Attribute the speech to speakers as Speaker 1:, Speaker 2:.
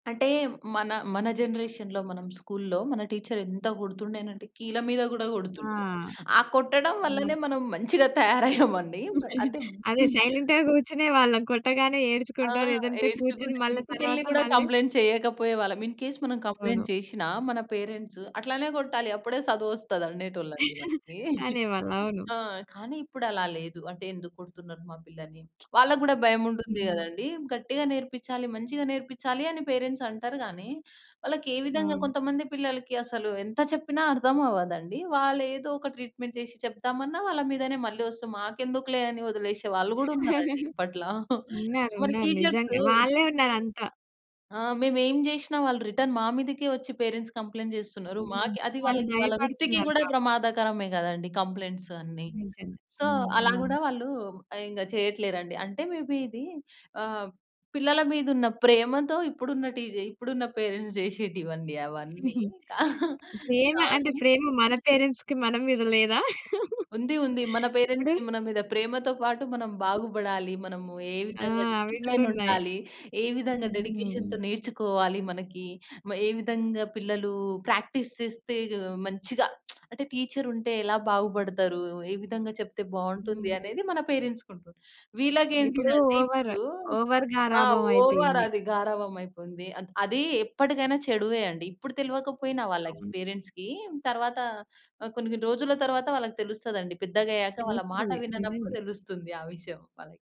Speaker 1: అంటే, మన మన జనరేషన్‌లో మనం స్కూల్లో, మన టీచర్రెంత గొడుతుండేనంటే కీళ్ళ మీద గూడా
Speaker 2: ఆ!
Speaker 1: గొడుతుండె. ఆ కొట్టడం వల్లనే
Speaker 2: హ్మ్.
Speaker 1: మనం మంచిగా తయారయ్యామండి. మ అంటే,
Speaker 2: అదే.
Speaker 1: హ్మ్.
Speaker 2: సైలెంట్‌గా కూర్చునే వాళ్ళం కొట్టగానే
Speaker 1: ఆ!
Speaker 2: ఏడ్చుకుంటో, లేదంటే కూర్చుని
Speaker 1: ఏడ్చుకుంటా,
Speaker 2: మళ్ళా
Speaker 1: ఇంటికెళ్ళి
Speaker 2: తరవాత
Speaker 1: గూడా
Speaker 2: మళ్ళీ
Speaker 1: కంప్లెయింట్ చెయ్యకపోయేవాళ్ళం. ఇన్‌కేస్ మనం
Speaker 2: అవును.
Speaker 1: కంప్లెయింట్ చేషినా మన పేరెంట్సు, అట్లానే గొకొట్టాలి, అప్పుడే సదువొస్తదనేటోళ్ళండి మనకీ.
Speaker 2: అనేవాళ్ళు. అవును.
Speaker 1: ఆ! కానీ, ఇప్పుడలా లేదు. అంటే, "ఎందుకు కొడుతున్నారు మా పిల్లని?" వాళ్ళకు గూడా భయముంటుంది
Speaker 2: హ్మ్.
Speaker 1: గదండీ. గట్టిగ నేర్పిచ్చాలి, మంచిగ నేర్పిచ్చాలి అని పేరెంట్సంటరు గానీ, వాళ్ళకేవిధంగా
Speaker 2: అవును.
Speaker 1: కొంతమంది పిల్లలకి అసలు ఎంత చెప్పినా అర్థమవ్వదండి. వాళ్ళేదో ఒక ట్రీట్‌మెంట్ చేసి చెప్దామన్నా, వాళ్ళ మీదనే మళ్ళీ ఒస్తే, మాకెందుకులే అని ఒదిలేసే వాళ్ళు గూడున్నారండి ఇప్పట్ల. మరి
Speaker 2: ఉన్నారున్నారు.
Speaker 1: టీచర్సు
Speaker 2: నిజంగా. వాళ్ళే ఉన్నారంతా.
Speaker 1: ఆ! మేమేం జేషినా వాళ్ళు రిటర్న్ మా మీదకే ఒచ్చి పేరెంట్స్ కంప్లెయింట్ చేస్తున్నారు.
Speaker 2: హ్మ్.
Speaker 1: మాకే అది
Speaker 2: వాళ్ళు
Speaker 1: వాళ్ళకి, వాళ్ళ వృత్తికి
Speaker 2: భయపడుతున్నారు
Speaker 1: కూడా
Speaker 2: పాపం.
Speaker 1: ప్రమాదకరమే గదండీ కంప్లెయింట్స్ అన్ని.
Speaker 2: నిజమే.
Speaker 1: సో,
Speaker 2: హ్మ్.
Speaker 1: అలా
Speaker 2: అవును.
Speaker 1: గూడా వాళ్ళూ ఆహ్, ఇంగ చెయ్యట్లేరండి. అంటే, మేబీ ఇదీ ఆహ్, పిల్లల మీదున్న ప్రేమతో ఇప్పుడున్న టీజే ఇప్పుడున్న పేరెంట్స్ చేసేటివండి అవన్నీ. క
Speaker 2: ప్రేమ అంటే,
Speaker 1: కానీ
Speaker 2: ప్రేమ మన పేరెంట్స్‌కి మన మీద లేదా?
Speaker 1: ఉంది. ఉంది. మన
Speaker 2: ఇప్పుడు
Speaker 1: పేరెంట్స్‌కి మన మీద ప్రేమతో పాటు, మనం బాగుబడాలి, మనము ఏ
Speaker 2: ఆ!
Speaker 1: విధంగా
Speaker 2: అవి గూడున్నా‌యి.
Speaker 1: డిసిప్లేనుండాలి, ఏ విధంగా
Speaker 2: హుహు.
Speaker 1: డెడికేషన్‌తో నేర్చుకోవాలి మనకి, మ ఏ విధంగా పిల్లలూ ప్రాక్టీస్ చేస్తే గ్ మంచిగా అంటే, టీచరుంటే ఎలా బాగుపడతారు, ఏ విధంగా చెప్తే బావుంటుంది,
Speaker 2: హ్మ్.
Speaker 1: అనేది మన పేరెంట్స్‌కుంటుంది.
Speaker 2: ఇప్పుడూ
Speaker 1: వీళ్ళకేంటిదంటే
Speaker 2: ఓవర్,
Speaker 1: ఇప్పుడూ
Speaker 2: ఓవర్
Speaker 1: ఆ!
Speaker 2: గారాబం
Speaker 1: ఓవర్
Speaker 2: అయిపోయింది.
Speaker 1: అది గారాబమయిపోయింది. అత్ అదీ ఎప్పడికైనా చెడువే అండి. ఇప్పుడు తెలవకపోయినా వాళ్ళకి
Speaker 2: అవును.
Speaker 1: పేరెంట్స్‌కీ, తర్వాత ఆహ్, కొన్ని కొన్ని రోజుల తరువాత వాళ్ళకి తెలుస్తదండి. పెద్దగయ్యాక వాళ్ళ మాట
Speaker 2: తెలుస్తది.
Speaker 1: విననప్పుడు
Speaker 2: నిజంగా.
Speaker 1: తెలుస్తుంది ఆ విషయం వాళ్ళకి.